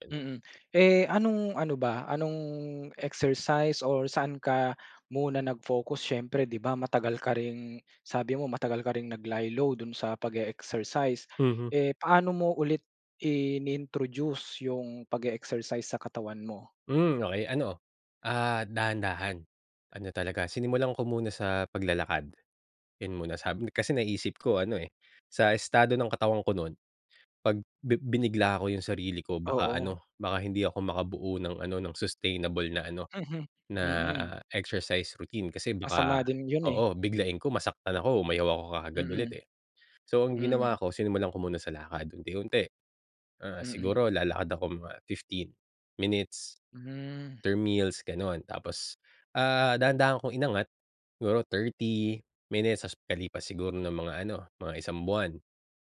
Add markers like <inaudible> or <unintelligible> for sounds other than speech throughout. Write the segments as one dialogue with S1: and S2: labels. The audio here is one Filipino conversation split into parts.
S1: <unintelligible>
S2: Mm. Eh anong-ano ba anong exercise or saan ka muna nag-focus siyempre di ba matagal ka ring sabi mo matagal ka ring nag lie-low dun sa pag-e-exercise.
S1: Mhm.
S2: Eh paano mo ulit in-introduce yung pag-e-exercise sa katawan mo?
S1: Hmm okey ano, ah, dahan-dahan. Ano talaga sinimulan ko muna sa paglalakad, yun muna. Sabi kasi naisip ko ano eh, sa estado ng katawan ko nun, pag bi binigla ko yung sarili ko baka
S2: Oo.
S1: ano, baka hindi ako makabuo ng ano, ng sustainable na ano,
S2: Mhm
S1: na
S2: mm.
S1: exercise routine kasi baka
S2: Masama din yun eh.
S1: oo, biglain ko masaktan ako, umayaw ako kaagad ulit
S2: Mm,
S1: eh. So ang ginawa
S2: mm.
S1: ko, sinimulan ko muna sa lakad unti-unti. Ah,
S2: Mm.
S1: siguro lalakad ako mga 15 minutes
S2: Hmm.
S1: after meals ganon. Tapos, ah, dahan-dahan kong inangat, siguro 30 minutes tas pagkalipas siguro ng mga ano, mga 1 buwan,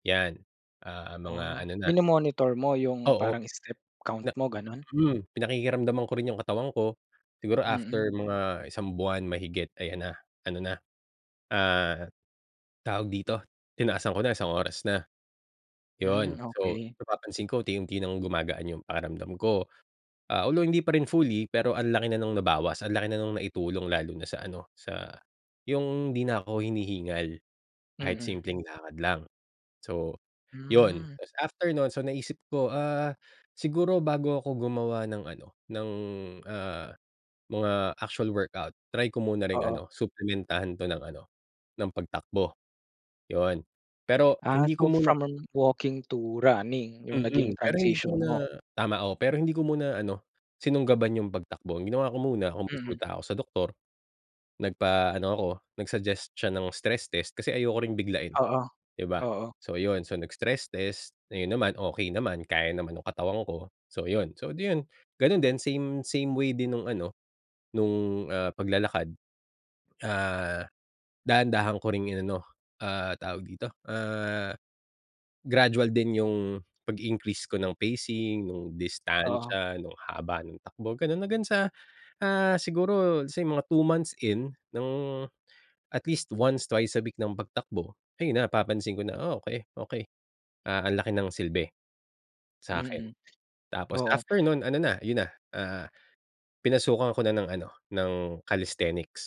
S1: yan. Ah mga
S2: Oh,
S1: ano na
S2: mino-monitor mo yung
S1: Oo,
S2: parang step count
S1: na
S2: mo ganon?
S1: hmm pinakikiramdaman ko rin yung katawan ko, siguro
S2: Mm.
S1: after mga 1 buwan mahigit ayan na, ano na, ah, tawag dito? Tinaasaan ko na 1 oras na. Yun
S2: Hmm,
S1: so
S2: okey.
S1: napapansin ko unti-unti ng gumagaan yung pakiramdam ko. Ah, although hindi pa rin fully pero ang laki na ng nabawas, ang laki na nung na-itulong lalo na sa ano, sa yung di na ako hinihingal, kahit
S2: Mm.
S1: simpleng lakad lang, so, yun.
S2: Hmm.
S1: Tas after nun so naisip ko ah, siguro bago ako gumawa ng ano, ng ah, mga actual workout, try ko muna ring
S2: Oo.
S1: ano, suplementahan 'to ng ano ng pagtakbo. Yun, pero
S2: Ah,
S1: hindi ko
S2: so
S1: muna
S2: from um, walking to running yung naging
S1: Mm, pero hindi ko
S2: transition mo?
S1: muna tama oo, pero hindi ko muna ano, sinunggaban yung pagtakbo, ang ginawa ko muna kung
S2: Mm.
S1: kumunsulta ako sa doktor, nagpa-ano ako nag-suggest siya ng stress test kasi ayoko rin biglain,
S2: Oo,
S1: di ba?
S2: oo.
S1: So ayun, so nag-stress test, ayun naman okey naman kaya naman yung katawan ko. So yun, so di yun ganun din same same way din nung ano, nung ah, paglalakad. Ah, dahan-dahan ko ring inano, ah, tawag dito? Ah, gradual din yung pag-increase ko ng pacing, nung
S2: Oo.
S1: distansya, nung haba ng takbo ganon hanggang sa, ah, siguro let's say mga 2 months in ng at least once, twice a week ng pagtakbo ayun na napapansin ko na oh okey, okey ah ang laki ng silbe, sakin.
S2: Mm,
S1: Tapos
S2: oo.
S1: after nun ano na, yun na, ah, pinasukan ko na ng ano, ng calisthenics.